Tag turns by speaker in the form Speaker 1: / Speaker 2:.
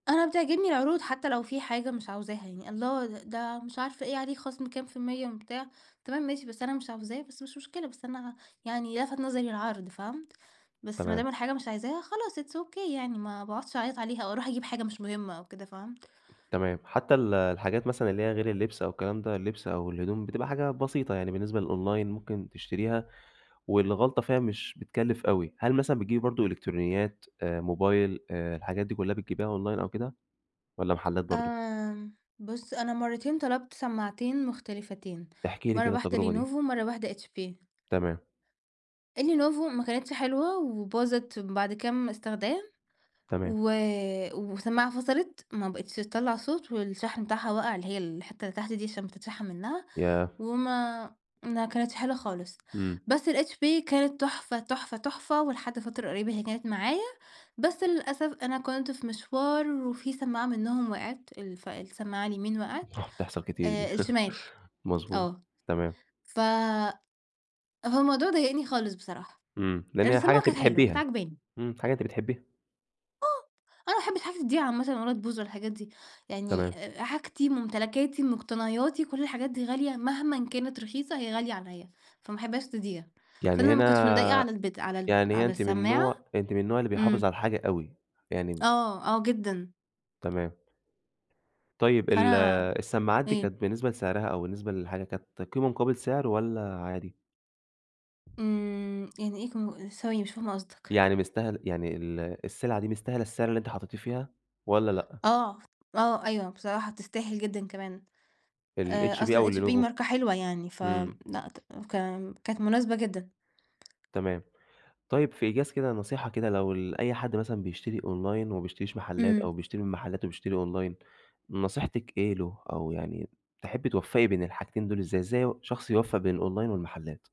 Speaker 1: أنا بتعجبني العروض حتى لو في حاجة مش عاوزاها يعني، الله د ده مش عارفة إيه عليه خصم كام في المِيّة بتاع، تمام ماشي، بس أنا مش عاوزاه بس مش مشكلة، بس أنا يعني لفت نظري العرض، فهمت، بس ما
Speaker 2: تمام.
Speaker 1: دام الحاجة مش عايزاها خلاص it's ok يعني، ما باقعدش أعيط عليها أو أروح أجيب حاجة مش مهمة أو كده، فهمت؟
Speaker 2: تمام، حتى ال الحاجات مثلًا اللي هي غير اللبس أو الكلام ده، اللبس أو الهدوم بتبقى حاجة بسيطة يعني بالنسبة للأونلاين ممكن تشتريها والغلطة فيها مش بتكلف أوي، هل مثلًا بتجيبي برضو إلكترونيات آآ، موبايل آآ، الحاجات دي كلّها بتجيبيها أونلاين أو كده، والّا محلات برضو؟
Speaker 1: آمم، بُصّ أنا مرتين طلبت سماعتين مختلفتين،
Speaker 2: احكِي لي
Speaker 1: مَرّة
Speaker 2: كده
Speaker 1: واحدة
Speaker 2: التجربة دي.
Speaker 1: لينوفو ومَرّة واحدة HP.
Speaker 2: تمام.
Speaker 1: اللينوفو ما كانتش حلوة وباظت بعد كام استخدام،
Speaker 2: تمام.
Speaker 1: و وسماعة فصلت ما بقيتش تطلّع صوت، والشاحن بتاعها وقع اللي هي الحتة اللي تحت دي عشان بتتشحن منّها،
Speaker 2: ياه!
Speaker 1: وما ما كانتش حلوة خالص،
Speaker 2: إمم.
Speaker 1: بس الHP كانت تحفة، تحفة، تحفة، ولحد فترة قريّبة هي كانت معايا بس للأسف أنا كنت في مشوار وفي سماعة منهم وقعت، الف السماعة اليمين وقعت
Speaker 2: بتحصل كتير دي،
Speaker 1: آآ، الشمال،
Speaker 2: مضبوط،
Speaker 1: آه،
Speaker 2: تمام.
Speaker 1: ف هو الموضوع ضايقني خالص بصراحة،
Speaker 2: إمم، لأن
Speaker 1: لأن
Speaker 2: هي حاجة
Speaker 1: السماعة
Speaker 2: أنتِ
Speaker 1: كانت حلوة كانت
Speaker 2: بتحبيها،
Speaker 1: عجباني.
Speaker 2: إمم، حاجة أنتِ بتحبيها.
Speaker 1: آه، أنا ما احبش حاجتي تضيع عامةً ولا تبوظ والحاجات دي، يعني
Speaker 2: تمام.
Speaker 1: حاجتي، ممتلكاتي، مقتنياتي كُلّ الحاجات دي غالية مهمًا كانت رخيصة هي غالية عليَّ، فما احبهاش تضيع،
Speaker 2: يعني
Speaker 1: فأنا ما كنتش مضايقة
Speaker 2: هنا
Speaker 1: على البت على ال
Speaker 2: يعني هنا
Speaker 1: على
Speaker 2: أنتِ من
Speaker 1: السماعة
Speaker 2: النوع أنتِ من النوع اللي بيحافظ على
Speaker 1: إمم.
Speaker 2: الحاجة أوي، يعني
Speaker 1: آه آه جدًا.
Speaker 2: تمام طيب ال
Speaker 1: فأنا
Speaker 2: السماعات دي
Speaker 1: إيه؟
Speaker 2: كانت بالنسبة لسعرها أو بالنسبة للحاجة كانت قيمة مقابل سعر والّا عادي؟
Speaker 1: إمم، يعني إيه كم ثواني مش فاهمة قصدك؟
Speaker 2: يعني مستاهل يعني ال السلعة دي مستاهلة السعر اللي أنتِ حطيته فيها والّا لأ؟
Speaker 1: آه، آه أيوه، بصراحة تستاهل جدًا كمان آآ،
Speaker 2: الHP أو
Speaker 1: أصلًاHP
Speaker 2: اللينوفو؟
Speaker 1: ماركة حلوة يعني، ف
Speaker 2: إمم.
Speaker 1: لأ، ك كانت مناسبة جدًا.
Speaker 2: تمام، طيب في إيجاز كده نصيحة كده لو ال أي حد مثلًا بيشتري أونلاين وما بيشتريش محلات،
Speaker 1: إمم.
Speaker 2: أو بيشتري من محلات وبيشتري أونلاين، نصيحتِك إيه له، أو يعني تحبي توفّقي بين الحاجتين دول إزاي، إزاي ي شخص يوفق بين الأونلاين والمحلات؟